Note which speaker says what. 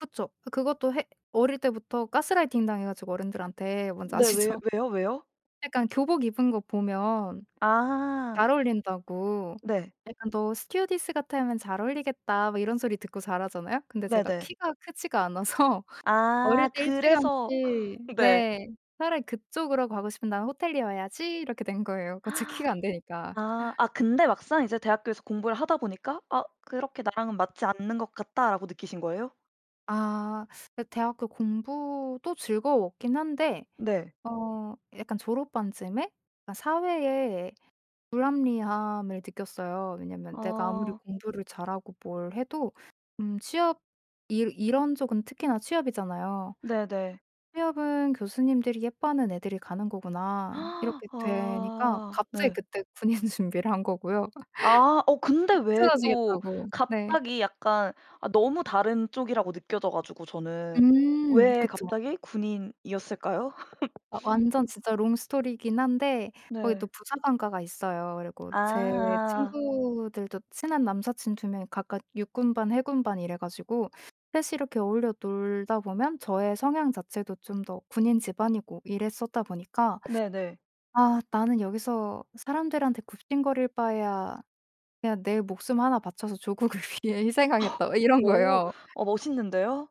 Speaker 1: 그쵸. 그것도 해 어릴 때부터 가스라이팅 당해 가지고 어른들한테 뭔지
Speaker 2: 네. 왜
Speaker 1: 아시죠?
Speaker 2: 왜요, 왜요?
Speaker 1: 약간 교복 입은 것 보면
Speaker 2: 아.
Speaker 1: 잘 어울린다고
Speaker 2: 네.
Speaker 1: 약간 "너 스튜어디스 같으면 잘 어울리겠다." 뭐 이런 소리 듣고 자라잖아요. 근데 제가
Speaker 2: 네네.
Speaker 1: 키가 크지가 않아서 어릴
Speaker 2: 아
Speaker 1: 때
Speaker 2: 그래서
Speaker 1: 일찌감치
Speaker 2: 네.
Speaker 1: 네. '차라리 그쪽으로 가고 싶으면 나는 호텔리어 해야지.' 이렇게 된 거예요 그 제 키가 안 되니까.
Speaker 2: 아. 아 근데 막상 이제 대학교에서 공부를 하다 보니까 '아 그렇게 나랑은 맞지 않는 것 같다.'라고 느끼신 거예요?
Speaker 1: 아. 네. 대학교 공부도 즐거웠긴 한데
Speaker 2: 네.
Speaker 1: 어 약간 졸업반쯤에 아 사회의 불합리함을 느꼈어요. 왜냐하면 내가 아무리
Speaker 2: 아.
Speaker 1: 공부를 잘하고 뭘 해도 음 취업 일 이런 쪽은 특히나 취업이잖아요.
Speaker 2: 네네.
Speaker 1: '취업은 교수님들이 예뻐하는 애들이 가는 거구나.' 이렇게 되니까
Speaker 2: 아
Speaker 1: 갑자기
Speaker 2: 네.
Speaker 1: 그때 군인 준비를 한 거고요.
Speaker 2: 아. 어 근데 왜 또
Speaker 1: 삐뚤어지겠다고. 네.
Speaker 2: 갑자기 약간 아 너무 다른 쪽이라고 느껴져 가지고 저는.
Speaker 1: 음.
Speaker 2: 왜
Speaker 1: 그쵸.
Speaker 2: 갑자기 군인이었을까요?
Speaker 1: 아 완전 진짜 롱 스토리긴 한데 거기 또
Speaker 2: 네.
Speaker 1: 부사관과가 있어요. 그리고
Speaker 2: 아
Speaker 1: 제
Speaker 2: 아아아.
Speaker 1: 친구들도 친한 남사친 2 명이 각각 육군반, 해군반 이래 가지고 3 이 이렇게 어울려 놀다 보면 저의 성향 자체도 좀 더 군인 집안이고 이랬었다 보니까
Speaker 2: 네네.
Speaker 1: '아 나는 여기서 사람들한테 굽신거릴 바에야 그냥 내 목숨 1 바쳐서 조국을 위해 희생하겠다.' 막 이런
Speaker 2: 오.
Speaker 1: 거예요.
Speaker 2: 어 멋있는데요.